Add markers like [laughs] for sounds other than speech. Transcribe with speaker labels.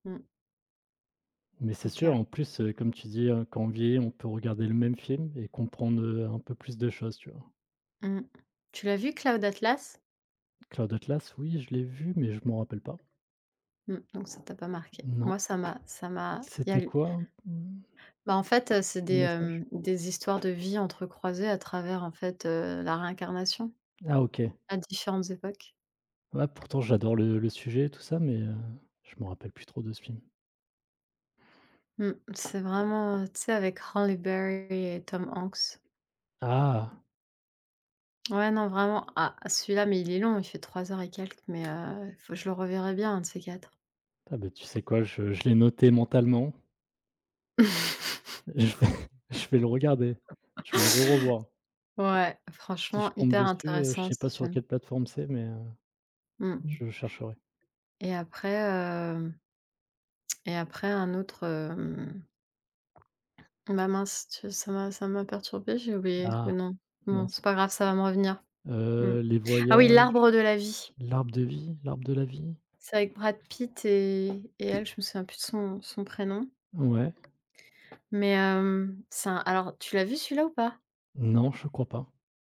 Speaker 1: Mmh.
Speaker 2: Mais c'est
Speaker 1: OK.
Speaker 2: sûr en plus, heu, comme tu dis, heu, quand on vieillit, on peut regarder le même film et comprendre, heu, un peu plus de choses, tu vois?
Speaker 1: Mmh. Tu l'as vu Cloud Atlas?
Speaker 2: Cloud Atlas oui, je l'ai vu, mais je m'en rappelle pas.
Speaker 1: Mmh. Donc ça t'a pas marqué.
Speaker 2: Non.
Speaker 1: Moi ça m'a ça m'a. Il y a
Speaker 2: C'était
Speaker 1: l
Speaker 2: quoi? Mmh.
Speaker 1: bah en fait, heu, c'est des,
Speaker 2: Message?
Speaker 1: hem, des histoires de vie entrecroisées à travers en fait, heu, la réincarnation,
Speaker 2: Ah OK.
Speaker 1: à différentes époques.
Speaker 2: Ah pourtant j'adore le le sujet et tout ça mais, heu, je m'en rappelle plus trop de ce film.
Speaker 1: Mmh. C'est vraiment, heu, tu sais avec Halle Berry et Tom Hanks.
Speaker 2: Ah!
Speaker 1: Ouais, non vraiment ah, celui-là, mais il est long, il fait 3 heures et quelques mais, heu, faut je le reverrai bien un de ces quatre.
Speaker 2: Ah bah, tu sais quoi, je je l'ai noté mentalement
Speaker 1: [laughs]
Speaker 2: je vais
Speaker 1: Ouais.
Speaker 2: je vais le regarder. Je vais le re revoir.
Speaker 1: [laughs] Ouais,
Speaker 2: Si je
Speaker 1: franchement
Speaker 2: tombe
Speaker 1: hyper
Speaker 2: dessus, heu, je
Speaker 1: intéressant
Speaker 2: sais
Speaker 1: ce
Speaker 2: pas sur quelle
Speaker 1: film.
Speaker 2: plateforme c'est, mais, heu,
Speaker 1: Mmh.
Speaker 2: je chercherai.
Speaker 1: Et après, hem et après un autre, hem [swallows] bah mince, tu s ça m'a ça m'a perturbée, j'ai oublié, le
Speaker 2: Ah,
Speaker 1: nom. Bon, c'est
Speaker 2: mince.
Speaker 1: pas grave, ça va me revenir. Mmh.
Speaker 2: Heu, les
Speaker 1: Ah oui,
Speaker 2: voyages,
Speaker 1: L'arbre de la vie.
Speaker 2: l'arbre de vie? L'arbre de la vie?
Speaker 1: C'est avec Brad Pitt et et elle, je me souviens plus de son son prénom.
Speaker 2: Mouais.
Speaker 1: Mais, hem, c'est un alors, tu l'as vu celui-là ou pas?
Speaker 2: Non, je crois pas.